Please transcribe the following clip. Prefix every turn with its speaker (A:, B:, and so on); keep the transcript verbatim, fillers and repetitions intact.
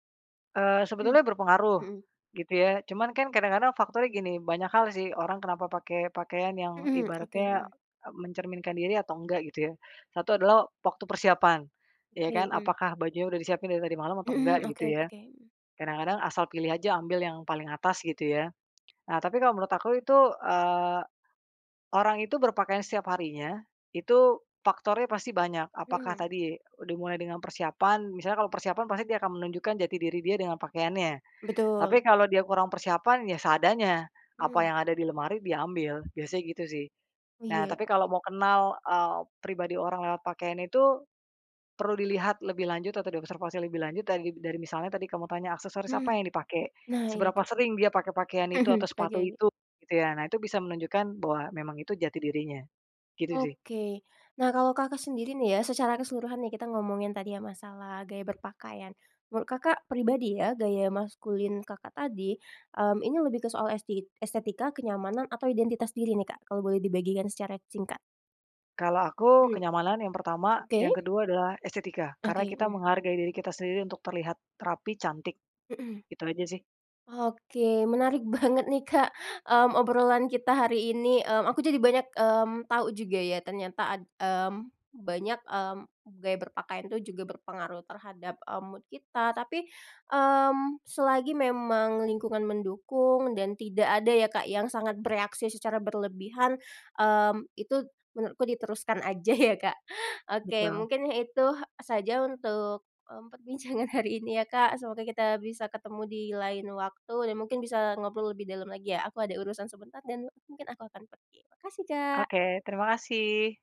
A: Eee,
B: Mmm.
A: sebetulnya berpengaruh,
B: Mhm.
A: gitu ya. Cuman kan kadang-kadang faktornya gini, banyak hal sih, orang kenapa pakai pakaian yang
B: Mhm, oke,
A: ibaratnya,
B: mhm.
A: eee, mencerminkan diri atau enggak, gitu ya. satu adalah waktu persiapan, iya
B: Oke,
A: kan?
B: mmm.
A: Apakah bajunya udah disiapin dari tadi malam atau enggak,
B: Mhm,
A: gitu
B: oke
A: ya.
B: oke mhm.
A: Kadang-kadang asal pilih aja, ambil yang paling atas, gitu ya. Nah, tapi kalau menurut aku itu, eee, orang itu berpakaian setiap harinya itu faktornya pasti banyak. Apakah
B: Mhm.
A: tadi dimulai dengan persiapan, misalnya kalau persiapan pasti dia akan menunjukkan jati diri dia dengan pakaiannya.
B: Betul.
A: Tapi kalau dia kurang persiapan, ya seadanya, apa
B: Mmm.
A: yang ada di lemari diambil, biasanya gitu, sih.
B: Oh,
A: Nah,
B: iya.
A: tapi kalau mau kenal, eee, pribadi orang lewat pakaian itu, perlu dilihat lebih lanjut atau diobservasi lebih lanjut dari dari misalnya tadi kamu tanya aksesoris apa
B: Mhm.
A: yang dipakai,
B: Nah iya,
A: seberapa
B: gitu,
A: sering dia pakai pakaian itu,
B: Mhm.
A: atau sepatu
B: Oke.
A: itu, gitu ya. Nah, itu bisa menunjukkan bahwa memang itu jati dirinya. Gitu sih.
B: Oke. Nah, kalau Kakak sendiri nih ya, secara keseluruhan nih, kita ngomongin tadi ya, masalah gaya berpakaian. Menurut Kakak pribadi ya, gaya maskulin Kakak tadi, mmm, ini lebih ke soal esti estetika, kenyamanan, atau identitas diri nih, Kak, kalau boleh dibagikan secara singkat?
A: Kalau aku
B: Mmm.
A: kenyamanan yang pertama,
B: Oke.
A: yang kedua adalah estetika. Karena
B: Oke,
A: kita
B: mhm.
A: menghargai diri kita sendiri untuk terlihat rapi, cantik,
B: Mhm.
A: itu aja sih.
B: Oke, menarik banget nih, Kak, mmm, obrolan kita hari ini, mmm, aku jadi banyak, mmm, tahu juga ya, ternyata ad mmm, banyak, mmm, gaya berpakaian itu juga berpengaruh terhadap, eee, mood kita. Tapi, mmm, selagi memang lingkungan mendukung dan tidak ada ya, Kak, yang sangat bereaksi secara berlebihan, mmm, itu menurutku diteruskan aja ya, Kak. Oke,
A: Betul.
B: mungkin ya itu saja untuk, mmm, perbincangan hari ini ya, Kak, semoga kita bisa ketemu di lain waktu dan mungkin bisa ngobrol lebih dalam lagi ya, aku ada urusan sebentar dan mungkin aku akan pergi. Makasih, Kak.
A: Oke, terima kasih.